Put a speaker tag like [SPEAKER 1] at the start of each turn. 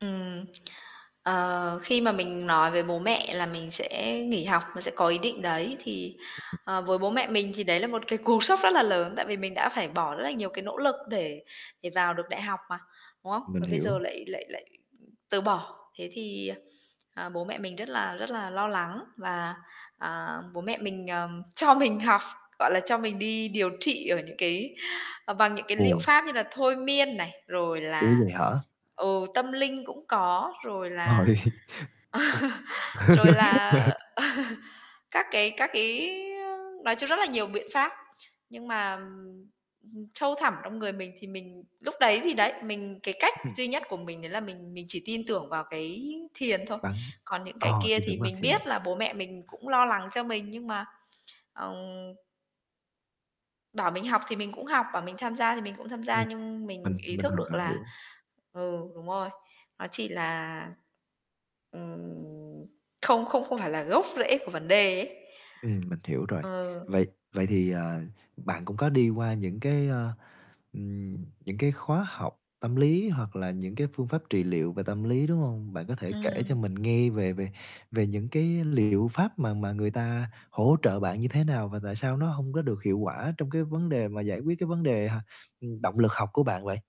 [SPEAKER 1] Ừm, ờ, khi mà mình nói về bố mẹ là mình sẽ nghỉ học, mình sẽ có ý định đấy, thì, ờ, với bố mẹ mình thì đấy là một cái cú sốc rất là lớn, tại vì mình đã phải bỏ rất là nhiều cái nỗ lực để để vào được đại học mà, đúng không?
[SPEAKER 2] Mình
[SPEAKER 1] Và bây giờ
[SPEAKER 2] hiểu.
[SPEAKER 1] lại lại lại từ bỏ. Thế thì, ờ, ờ, bố mẹ mình rất là rất là lo lắng và, ờ, bố mẹ mình, ờ, cho mình học, gọi là, cho mình đi điều trị ở những cái ờ, bằng những cái liệu
[SPEAKER 2] Ồ.
[SPEAKER 1] pháp như là thôi miên này, rồi
[SPEAKER 2] Ủa,
[SPEAKER 1] là
[SPEAKER 2] vậy hả?
[SPEAKER 1] ừ, tâm linh cũng có, rồi là
[SPEAKER 2] Trời!
[SPEAKER 1] rồi là
[SPEAKER 2] [unintelligible]
[SPEAKER 1] các cái các cái, ơ nói chung rất là nhiều biện pháp. Nhưng mà, ừm, sâu thẳm trong người mình thì mình lúc đấy thì đấy, mình cái cách
[SPEAKER 2] [unintelligible]
[SPEAKER 1] duy nhất của mình đấy là mình mình chỉ tin tưởng vào cái thiền thôi.
[SPEAKER 2] Bắn,
[SPEAKER 1] Còn những cái
[SPEAKER 2] ờ,
[SPEAKER 1] kia
[SPEAKER 2] thì
[SPEAKER 1] thì
[SPEAKER 2] đúng là
[SPEAKER 1] mình
[SPEAKER 2] thiện.
[SPEAKER 1] biết là bố mẹ mình cũng lo lắng cho mình nhưng mà, ừm Bảo mình học thì mình cũng học, bảo mình tham gia thì mình cũng tham gia
[SPEAKER 2] Ừm,
[SPEAKER 1] nhưng mình
[SPEAKER 2] mình
[SPEAKER 1] ý
[SPEAKER 2] mình
[SPEAKER 1] thức
[SPEAKER 2] hoàn
[SPEAKER 1] được
[SPEAKER 2] toàn
[SPEAKER 1] là
[SPEAKER 2] hiểu.
[SPEAKER 1] ừ, đúng rồi, nó chỉ là, ừm, không không không phải là gốc rễ của vấn đề ấy.
[SPEAKER 2] Ừm, mình hiểu rồi.
[SPEAKER 1] Ờ.
[SPEAKER 2] Vậy vậy thì, ờ, bạn cũng có đi qua những cái, ơ, ừm, những cái khóa học tâm lý hoặc là những cái phương pháp trị liệu về tâm lý, đúng hông? Bạn có thể kể cho
[SPEAKER 1] Ừm.
[SPEAKER 2] mình nghe về về về những cái liệu pháp mà mà người ta hỗ trợ bạn như thế nào? Và tại sao nó hông có được hiệu quả trong cái vấn đề mà giải quyết cái vấn đề h ừm, động lực học của bạn vậy?